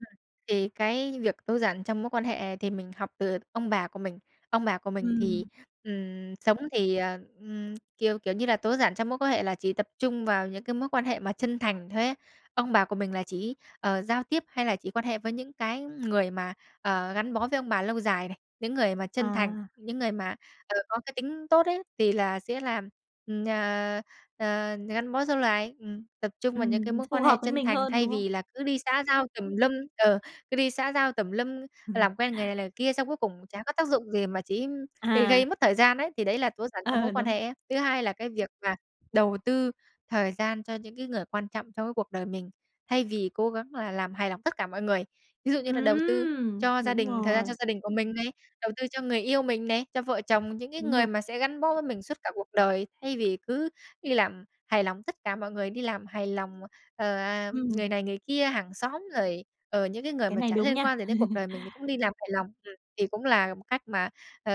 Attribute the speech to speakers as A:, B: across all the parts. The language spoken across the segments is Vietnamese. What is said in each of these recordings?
A: Ừm, thì cái việc tối giản trong mối quan hệ thì mình học từ ông bà của mình. Ông bà của mình thì,
B: Ừm.
A: ừm, sống thì, ờ, ừm, kiểu, kiểu như là tối giản trong mối quan hệ là chỉ tập trung vào những cái mối quan hệ mà chân thành thôi ấy. Ông bà của mình là chỉ, ờ, giao tiếp hay là chỉ quan hệ với những cái người mà, ờ, gắn bó với ông bà lâu dài này, những người mà chân thành,
B: À.
A: những người mà, ờ, có cái tính tốt ấy, thì là sẽ làm, ừm, ờ, ờ, gắn bó dâu lài. Ừm, tập trung vào những cái
B: Ừm,
A: mối
B: phù
A: quan hệ
B: hợp với
A: chân
B: mình
A: thành,
B: hơn,
A: thay
B: đúng không?
A: vì là cứ đi xã giao tùm lum ờ, cứ đi xã giao tùm lum, làm quen người này, người kia xong cuối cùng chả có tác dụng gì mà chỉ gây gây
B: À.
A: mất thời gian ấy, thì đấy là tối giản trong mối
B: Ờ,
A: quan
B: đúng.
A: hệ ấy. Thứ hai là cái việc mà đầu tư thời gian cho những cái người quan trọng trong cái cuộc đời mình, thay vì cố gắng là làm hài lòng tất cả mọi người. Ví dụ như là đầu tư
B: Ừm.
A: cho gia
B: Đúng
A: đình, thời gian cho
B: rồi.
A: gia đình của mình này, đầu tư cho người yêu mình này, cho vợ chồng, những cái
B: Đúng
A: người
B: rồi.
A: mà sẽ gắn bó với mình suốt cả cuộc đời thay vì cứ đi làm hài lòng tất cả mọi người, đi làm hài lòng, ờ, ờ,
B: Ừm.
A: người này người kia, hàng xóm rồi, ờ, những cái người
B: Cái
A: mà
B: này
A: chả
B: đúng
A: liên
B: nha.
A: quan gì đến cuộc đời mình thì cũng đi làm hài lòng. Ừm, thì cũng là một cách mà, ờ,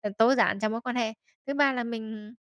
A: ờ, tối giản trong mối quan hệ. Thứ ba là mình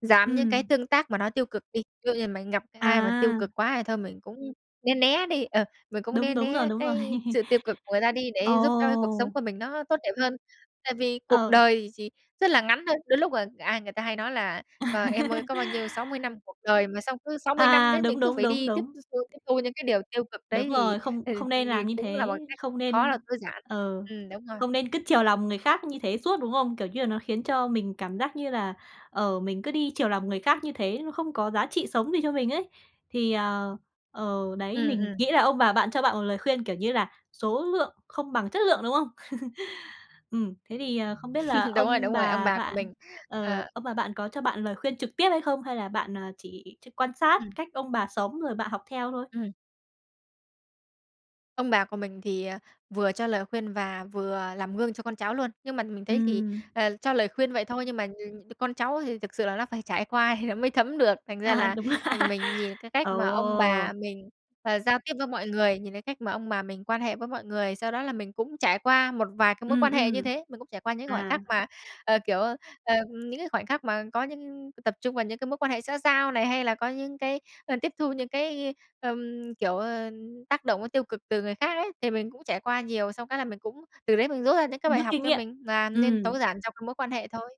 A: giảm những cái
B: Ừm.
A: tương tác mà nó tiêu cực đi. Ví dụ như mình gặp ai mà tiêu
B: À.
A: cực quá thì thôi mình cũng né né đi, ờ, mình cũng né
B: Đúng, đúng rồi,
A: né
B: đúng rồi.
A: cái sự tiêu cực của người ta đi để giúp cho cái cuộc sống
B: Ồ.
A: của mình nó tốt đẹp hơn. Tại vì cuộc
B: Ờ.
A: đời chỉ rất là ngắn thôi. Đôi lúc, ờ, ai người ta hay nói là: "Ờ, em ơi có bao nhiêu, 60 năm cuộc đời." Mà xong cứ 60 năm
B: À,
A: đấy mình
B: đúng,
A: cứ
B: đúng,
A: phải
B: đúng,
A: đi tiếp
B: đúng.
A: thu, tiếp thu những cái điều tiêu cực
B: Đúng
A: đấy thì,
B: rồi, không
A: ừ,
B: không
A: ờ,
B: nên làm như
A: cũng là một
B: thế.
A: cái
B: Không
A: khó
B: nên
A: là tối giản.
B: ờ,
A: Ừm, đúng rồi.
B: không nên cứ chiều lòng người khác như thế suốt, đúng không? Kiểu như là nó khiến cho mình cảm giác như là, ờ, mình cứ đi chiều lòng người khác như thế, nó không có giá trị sống gì cho mình ấy. Thì, ờ, ờ, đấy,
A: Ừm,
B: mình
A: ừm.
B: nghĩ là ông bà bạn cho bạn một lời khuyên kiểu như là số lượng không bằng chất lượng, đúng không? Ừm, thế thì, ờ, không biết là
A: Đúng rồi,
B: ông
A: đúng rồi, ông
B: bà
A: bà của
B: bạn,
A: mình,
B: ờ,
A: ờ
B: ông bà bạn có cho bạn lời khuyên trực tiếp hay không? Hay là bạn, ờ, chỉ ch quan sát
A: Ừm.
B: cách ông bà sống rồi bạn học theo thôi?
A: Ừm. Ông bà của mình thì, ờ, vừa cho lời khuyên và vừa làm gương cho con cháu luôn. Nhưng mà mình thấy thì,
B: Ừm.
A: ờ, cho lời khuyên vậy thôi nhưng mà, ừm, con cháu thì thực sự là nó phải trải qua thì nó mới thấm được. Thành ra
B: À,
A: là
B: đúng.
A: mình nhìn cái cách
B: Ờ.
A: mà ông bà mình, ờ, giao tiếp với mọi người, nhìn cái cách mà ông bà mình quan hệ với mọi người, sau đó là mình cũng trải qua một vài cái mối
B: Ừm,
A: quan hệ như
B: ừm.
A: thế. Mình cũng trải qua những khoảnh
B: À.
A: khắc mà, ờ, kiểu, ờ, những cái khoảnh khắc mà có những tập trung vào những cái mối quan hệ xã giao này hay là có những cái, ờ, tiếp thu những cái, ờm, kiểu, ờ, tác động tiêu cực từ người khác ấy. Thì mình cũng trải qua nhiều xong cái là mình cũng từ đấy mình rút ra những cái bài
B: Rút
A: học
B: kinh
A: cho
B: nghiệm.
A: mình nà nên tối
B: Ừm.
A: giản trong cái mối quan hệ thôi.